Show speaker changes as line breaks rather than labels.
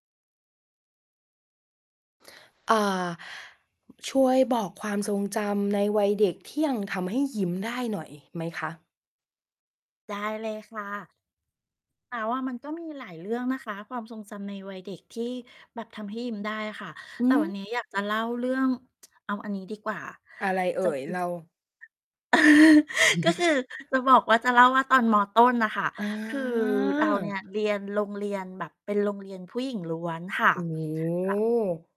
อ่า ช่วยบอกความทรงจำในวัยเด็กที่ยังทำให้ยิ้มได้หน่อยไหมคะ?
ได้เลยค่ะ แต่ว่ามันก็มีหลายเรื่องนะคะ ความทรงจำในวัยเด็กที่แบบทำให้ยิ้มได้อะค่ะ
หื
แต่วัน
อ?
นี้อยากจะเล่าเรื่อง เอาอันนี้ดีกว่า
อะไรเอ่ย? เรา
จะ คือ ก็คือจะบอกว่า จะเล่าว่าตอน ม.ต้น น่ะค่ะ
อ๋
คือเราเนี่
อ
ย เรียนโรงเรียนแบบเป็นโรงเรียนผู้หญิงล้วนค่ะ
โอ้โ
ก็
ฮ